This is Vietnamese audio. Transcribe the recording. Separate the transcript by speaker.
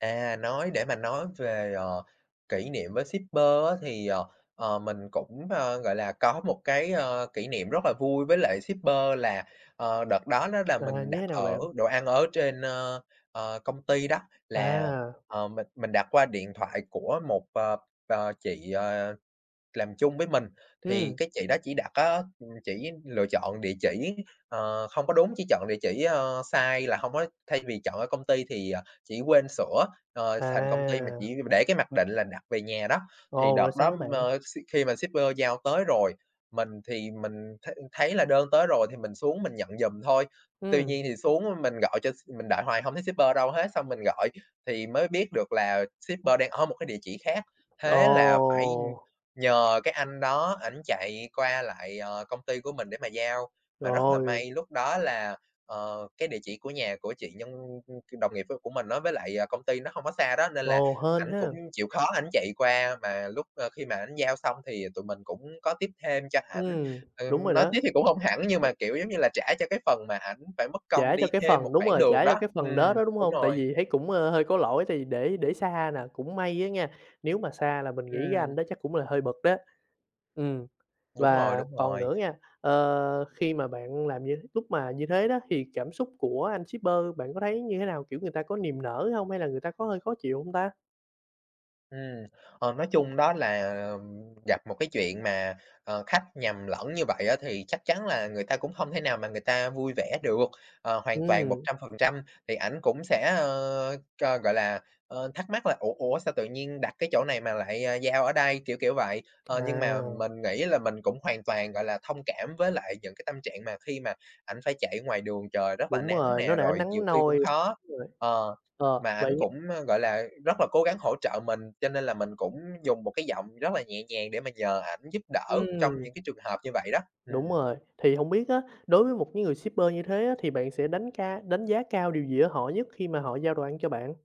Speaker 1: À, nói để mà nói về, ờ, kỉ niệm với shipper á thì, ờ, ờ, mình cũng, a, gọi là, có một cái, a, kỉ niệm rất là vui với lại shipper là, ờ, đợt đó đó là
Speaker 2: À,
Speaker 1: mình
Speaker 2: như
Speaker 1: đặt
Speaker 2: thế nào
Speaker 1: ở
Speaker 2: bạn?
Speaker 1: đồ ăn ở trên, ơ, ờ, công ty đó là,
Speaker 2: À!
Speaker 1: ờ, mình mình đặt qua điện thoại của một, ờ, ờ, chị, ờ, làm chung với mình. Thì
Speaker 2: Ưm.
Speaker 1: cái chị đó chỉ đặt á, ừm, chỉ lựa chọn địa chỉ, ờ, không có đúng, chỉ chọn địa chỉ, ơ, sai là hông có thay vì chọn ở công ty thì, ờ, chỉ quên sửa, ờ, thành công ty mà chỉ
Speaker 2: À!
Speaker 1: để cái mặc định là đặt về nhà đó. Thì
Speaker 2: Ồ,
Speaker 1: đợt
Speaker 2: rồi
Speaker 1: đó,
Speaker 2: sao nữa
Speaker 1: ừm,
Speaker 2: bạn?
Speaker 1: ờ, s khi mà shipper giao tới rồi, mình thì mình thấy thấy là đơn tới rồi thì mình xuống mình nhận giùm thôi, tuy
Speaker 2: Ưm.
Speaker 1: nhiên thì xuống mà mình gọi cho s mình đợi hoài hông thấy shipper đâu hết, xong mình gọi thì mới biết được là shipper đang ở một cái địa chỉ khác. Thế là phải, ưm,
Speaker 2: Ồ!
Speaker 1: nhờ cái anh đó ảnh chạy qua lại, ờ, công ty của mình để mà giao,
Speaker 2: Trời
Speaker 1: mà rất là
Speaker 2: ơi!
Speaker 1: may lúc đó là, ờ, cái địa chỉ của nhà của chị nhân, ưm, ưm, k đồng nghiệp của của mình á với lại, à, công ty nó hông có xa đó nên là
Speaker 2: Ồ, hên
Speaker 1: ảnh cũng
Speaker 2: ha!
Speaker 1: chịu khó ảnh chạy qua. Mà lúc, a, khi mà ảnh giao xong thì tụi mình cũng có tip thêm cho ảnh,
Speaker 2: Ừm, đúng
Speaker 1: ừm,
Speaker 2: rồi
Speaker 1: nói
Speaker 2: đó.
Speaker 1: tip thì cũng hông hẳn nhưng mà, kiểu giống như là, trả cho cái phần mà ảnh phải mất công
Speaker 2: Trả cho
Speaker 1: đi
Speaker 2: cái
Speaker 1: thêm một
Speaker 2: phần đúng
Speaker 1: khoảng
Speaker 2: rồi,
Speaker 1: đường
Speaker 2: trả
Speaker 1: đó,
Speaker 2: cho cái phần đó
Speaker 1: ừm,
Speaker 2: đó, đúng
Speaker 1: đúng
Speaker 2: hông? Tại
Speaker 1: rồi.
Speaker 2: vì thấy cũng, a, hơi có lỗi tại vì để để xa nà. Cũng may á nha, nếu mà xa là mình nghĩ cái anh
Speaker 1: Ừm.
Speaker 2: đó chắc cũng là hơi bực đó. Ừm,
Speaker 1: Đúng rồi,
Speaker 2: và
Speaker 1: đúng
Speaker 2: còn
Speaker 1: rồi.
Speaker 2: nữa nghe, ờ, khi mà bạn làm như lúc mà như thế đó thì cảm xúc của anh shipper bạn có thấy như thế nào, kiểu, người ta có niềm nở hông? Hay là người ta có hơi khó chịu hông ta?
Speaker 1: Ừm, ờ, nói chung đó là, ừm, gặp một cái chuyện mà, ờ, khách nhầm lẫn như vậy á thì chắc chắn là người ta cũng không thể nào mà người ta vui vẻ được, ờ, hoàn toàn một
Speaker 2: Ừm.
Speaker 1: trăm phần trăm. Thì ảnh cũng sẽ, ơ, cho gọi là, ơ, thắc mắc là "ủa, ủa sao tự nhiên đặt cái chỗ này mà lại, à, giao ở đây," kiểu, kiểu vậy. Ờ, nhưng mà
Speaker 2: À.
Speaker 1: mình nghĩ là mình cũng hoàn toàn, gọi là, thông cảm với lại những cái tâm trạng mà khi mà ảnh phải chạy ngoài đường trời rất là
Speaker 2: Đúng
Speaker 1: nắng
Speaker 2: rồi, nó
Speaker 1: nè,
Speaker 2: đã
Speaker 1: rồi nhiều
Speaker 2: nắng
Speaker 1: khi cũng
Speaker 2: nôi.
Speaker 1: khó,
Speaker 2: Đúng rồi.
Speaker 1: ờ,
Speaker 2: Ờ,
Speaker 1: mà ảnh
Speaker 2: vậy ng
Speaker 1: cũng, a, gọi là, rất là cố gắng hỗ trợ mình, cho nên là mình cũng dùng một cái giọng rất là nhẹ nhàng để mà nhờ ảnh giúp đỡ trong
Speaker 2: Ừm.
Speaker 1: những cái trường hợp như vậy đó.
Speaker 2: Đúng
Speaker 1: Ừm.
Speaker 2: rồi, thì hông biết á, đối với một cái người shipper như thế á, thì bạn sẽ đánh cá đánh giá cao điều gì ở họ nhất khi mà họ giao đồ ăn cho bạn?